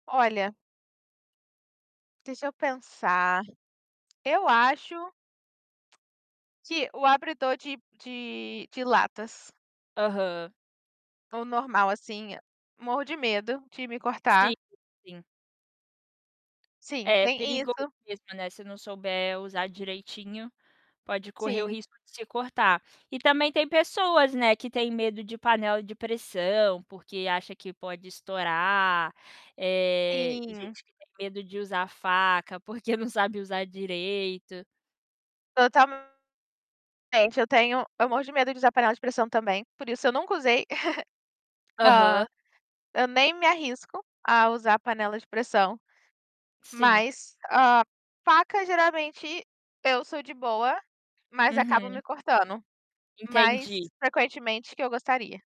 Olha deixa eu pensar. Eu acho que o abridor de de de latas Aham. o normal assim, eh, morro de medo de me Sim, cortar sim. Sim, É, nem perigoso isso. mesmo, né, se não souber usar direitinho, pode correr o Sim. risco de se cortar. E também tem pessoas, né, que têm medo de panela de pressão porque acha que pode estourar, eh, Sim. gente que tem medo de usar faca, porque não sabe usar direito. Totalmente. Eu tenho eu morro de medo de usar panela de pressão também, por isso eu nunca usei. Hã, Aham. eu nem me arrisco a usar a panela de pressão, Sim. mas, hã, faca geralmente eu sou de boa, mas acabo me Uhum. cortando, mais Entendi. frequentemente que eu gostaria.